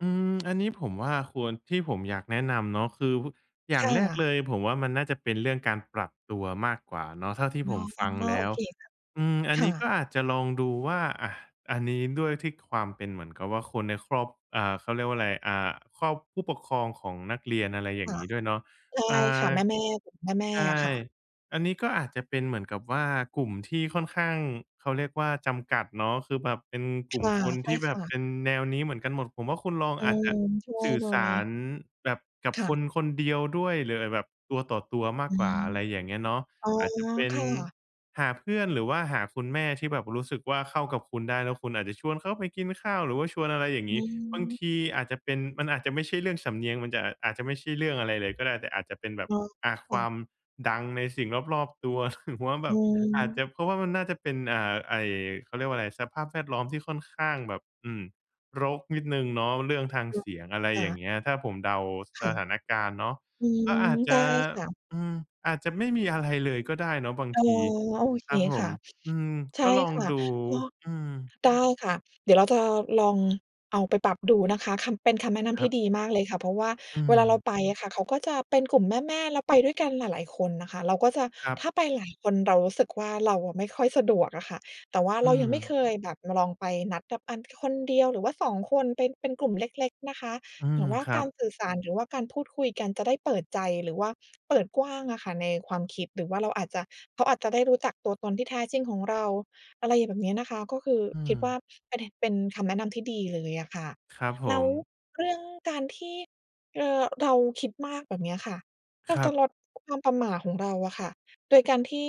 อืม อันนี้ผมว่าควร ที่ผมอยากแนะนำเนาะ คือ ฮ อย่าคง่แรกะ เลย ผมว่ามันน่าจะเป็นเรื่องการปรับตัวมากกว่าเนาะ เท่าที่อ๋ผอ มฟังแลโอ้ว เคค่ะ อืม อันคน่ีะ ้ก็อาจจะลองดูว่า อา อันนี้ ด้วยที่ความเป็นเหมือนกับว่าคนในครอบ อ่า เขาเรียกว่าไร อ่า ครอบ ผู้ปกครองของนักเรียน อะไรอย่คาง่งะ ี้ด้วยเนาะ ใช่อ่า ค่ะ แม่ ๆ กลุ่มแม่ ใชๆ ่ อะค่ะ อันนี้ก็อาจจะเป็นเหมือนกับว่ากลุ่มที่ค่อนข้าง เขาเรียกว่าจำกัดเนาะ คือแบบเป็นกคลุ่ม่ะ คน ใชท่ี่แบคบ่ะ เป็นแนวนี้เหมือนกันหมด ผมว่าคุณลอง อือาจจะม ช่วสยื่อหน่สอาย รแบบ กับค่คะ นคนเดียวด้วย หรืออาจแบบตัวต่อตัวมาอกืกว่า ม อะไรอย่างเงี้ยเนาะ อ๋อ อาจจะเป็คน่ะ หาเพื่อนหรือว่าหาคุณแม่ที่แบบรู้สึกว่าเข้ากับคุณได้ แล้วคุณอาจจะชวนเขาไปกินข้าว หรือว่าชวนอะไรอย่างองี้ บางืม ทีอาจจะเป็น มันอาจจะไม่ใช่เรื่องสำเนียง มันจะ อ อาจจะไม่ใช่เรื่องอะไรเลยก็ได้ แต่อาจจะเป็นแบอบ ๋อ อา คค่วาะ มดังในสิ่งรอบ ๆ ตัว หรือว่าแบอืบ อาจจม ะเพราะว่า มันน่าจะเป็น เอ่อ ไอ้ เขาเรียกว่าไร สภาพแวดล้อมที่ค่อนข้างแบบ อืม รกนิดหนึ่งเนาะ เรื่องทางอืเสม ียง อะไรค่อย่างะ เงี้ย ถ้าผมเดาคส่ะ ถานการณ์เนาะ อืก็ม อาจจได้ะ ค่ะ อืม อาจจะไม่มีอะไรเลยก็ได้เนาะบางอ๋อ ที โอเคครับผค่ม ะ อืม ใช่ก็ลองค่ะ ดู ก็ อืม ได้ค่ะ เดี๋ยวเรา จะลองเอาไปปรับดูนะคะ คำ เป็นคำแนะนคำทรัี่บ ดีมากเลยค่ะ เพราะว่าอืเวลาเราม ไปอะค่ะ เขาก็จะเป็นกลุ่มแม่ ๆ แล้วไปด้วยกันหลาย ๆ คนนะคะ เราก็จะ ครัถบ ้าไปหลายคนเรารู้สึกว่าเราอะไม่ค่อยสะดวกอะค่ะ แต่ว่าอเืรายังไม่ม เคยแบบ เราลองไปนัดกับอัน คนเดียว หรือว่า 2 คน เป็น เป็นกลุ่มเล็ก ๆ นะคะ อืหรม ือว่าครักาบ รสื่อสาร หรือว่าการพูดคุยกันจะได้เปิดใจ หรือว่าเปิดกว้างอะค่ะในความคิด หรือว่าเราอาจจะ เขาอาจจะได้รู้จักตัวตนที่แท้จริงของเรา อะไรแบบเนี้ยนะคะ ก็คืออืคิดว่าม ประเด็น เป็นคำแนะนำที่ดีเลยอะค่ะ ครับผแล้วม เรื่องการที่ เอ่อ เราคิดมากแบบเนี้ยค่ะ เรคารจัะบ ลด ความประหม่าของเราอะค่ะ โดยการที่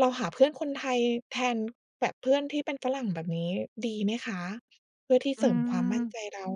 เราหาเพื่อนคนไทยแทน แบบเพื่อนที่เป็นฝรั่ง แบบนี้ดีไหมคะ? เพื่อที่อเืสริมความมั่นม ใจเรา